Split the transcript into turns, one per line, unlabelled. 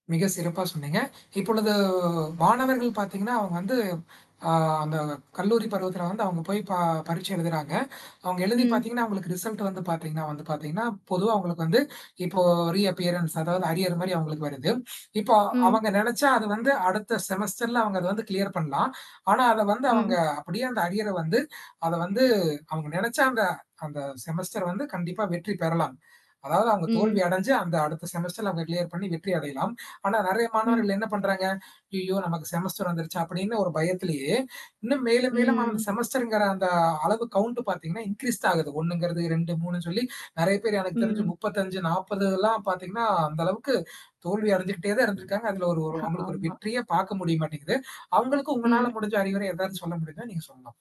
மிக சிறப்பா சொன்னீங்க. இப்பொழுது மாணவர்கள் பார்த்தீங்கன்னா, அவங்க வந்து அ அந்த கல்லூரி பருவத்தில வந்து அவங்க போய் ப பரீட்சை எழுதுறாங்க. அவங்க எழுதி
ம்.
பார்த்தீங்கன்னா, அவங்களுக்கு ரிசல்ட் வந்து பார்த்தீங்கன்னா வந்து பார்த்தீங்கன்னா, பொதுவா அவங்களுக்கு வந்து இப்போ ரீஅப்பியரன்ட்ஸ் அதாவது அரியர் மாரி அவங்களுக்கு வருது. இப்போ
ம்.
அவங்க நினச்சா அது வந்து அடுத்த செமஸ்டர்ல அவங்க அத வந்து கிளியர் பண்ணலாம். ஆனா அத வந்து அவங்க
ம்.
அப்படியே அந்த அரியரை வந்து அத வந்து அவங்க நினச்சா அந்த அந்த செமஸ்டர் வந்து கண்டிப்பா வெற்றி பெறலாம். அதாவது அவங்க தோல்வி
ம்.
அடஞ்சு அந்த அடுத்த செமஸ்டர்ல அவங்க கிளியர் பண்ணி வெற்றி அடையலாம். ஆனா நெறைய
ம்.
மாணவர்கள் என்ன பண்றாங்க? "ஐய்யய்யோ! நமக்கு செமஸ்டர் வந்துருச்சா" அப்படின்னு ஒரு பயத்திலேயே, இன்னும் மேலும், மேலும் அம்
ம்.
செமஸ்டர்ங்கிற அந்த அளவு கவுண்ட் பார்த்தீங்கன்னா, இன்க்ரீஸ் ஆகுது. 1 ங்கறது 2, 3ன்னு சொல்லி நெறைய பேர் எனக்கு தெரிஞ்சு
ம்.
இப்பல்லாம் பார்த்தீங்கன்னா, அந்த அளவுக்கு தோல்வி அடைஞ்சுகிட்டே தான் இருந்திருக்காங்க. அதுல ஒரு ஓரு
ஹ.
அவங்களுக்கு ஒரு
ஆமா.
வெற்றியே பார்க்க முடிய மாட்டேங்குது. அவங்களுக்கு உங்களால
ம்.
முடிஞ்ச அறிவுரை எதாவது சொல்ல முடியுமா நீங்க சொல்லலாம்.